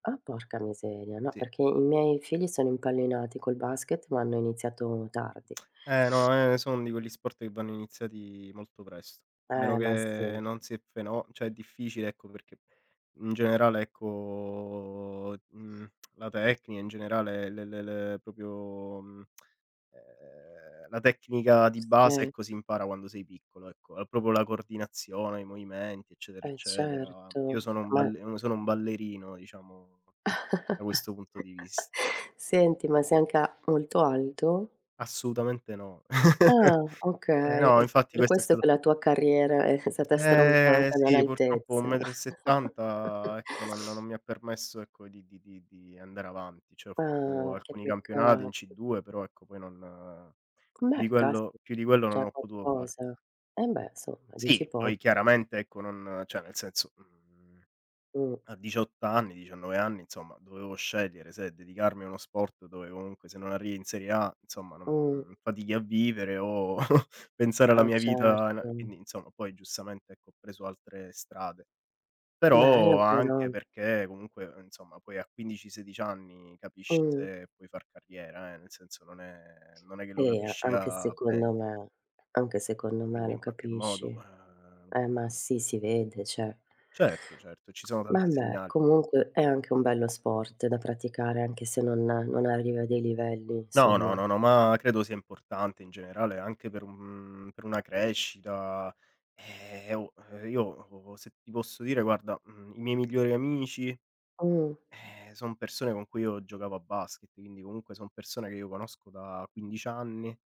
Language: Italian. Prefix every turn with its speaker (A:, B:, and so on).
A: Ah, porca miseria. No,
B: Sì.
A: perché i miei figli sono impallinati col basket, ma hanno iniziato tardi.
B: Eh, no, ehm, sono di quegli sport, che vanno iniziati molto presto. A meno
A: Eh, ma
B: che
A: sì.
B: non si è feno cioè è difficile ecco, perché in generale, ecco, mhmm, la tecnica in generale le le le proprio, mhmm, uhm, la tecnica di base,
A: Sì.
B: ecco si impara quando sei piccolo, ecco è proprio la coordinazione, i movimenti, eccetera,
A: Eh,
B: eccetera. Io
A: certo,
B: sono un
A: ma
B: ball sono un ballerino diciamo, da questo punto di vis
A: Senti, ma sei anca molto alto?
B: Assolutamente no.
A: Ah,
B: Eh
A: okay.
B: no,
A: È
B: infatti
A: per
B: questa è
A: questo,
B: st
A: che la tua carriera è stata
B: Eh
A: stroncata
B: sì, purtroppo un
A: nell'altezza.
B: metro e settanta, ecco non non mi ha permesso, ecco di di di andare avanti, cioè ho fatto
A: Ah, che
B: alcuni campionati
A: peccato.
B: in C2, però, ecco poi non uhm,
A: C
B: più
A: beh,
B: di quello
A: caspita,
B: più di quello
A: già
B: non ho potuto fare.
A: qualcosa. Eh, beh, insomma dici
B: Sì,
A: po
B: poi chiaramente ecco, non cioè nel senso, mhmm,
A: Mh.
B: a 18 anni, 19 anni, insomma dovevo scegliere se dedicarmi a uno sport, dove comunque se non arrivi in serie A, insomma non
A: Mh.
B: mhmm, fatichi a vivere o pensare alla
A: Ah,
B: mia vita a
A: certo.
B: quindi insomma poi giustamente, ecco ho preso altre strade.
A: Bello
B: Però anche
A: però.
B: perché comunque, insomma poi a 15, 16 anni capisci
A: Mh.
B: se puoi far carriera, eh, nel senso non è non è che lo
A: E a
B: capisci
A: anche
B: a ven
A: secondo me. Anche secondo me
B: Quindi
A: lo
B: in qualche
A: capisci.
B: modo, uhm,
A: Eh, ma
B: ehm
A: sì, si vede, cioè.
B: Certo, certo, ci sono tanti
A: Vabbè,
B: segnali.
A: comunque è anche un bello sport da praticare, anche se non non arriva a dei livelli
B: No, no,
A: insomma.
B: no, no, ma credo sia importante in generale, anche per un per una crescita. Eh, oh, io o se ti posso dire, guarda, mhmm, i miei migliori amici,
A: Mh.
B: eh, son persone con cui io giocavo a basket, quindi comunque son persone che io conosco da 15 anni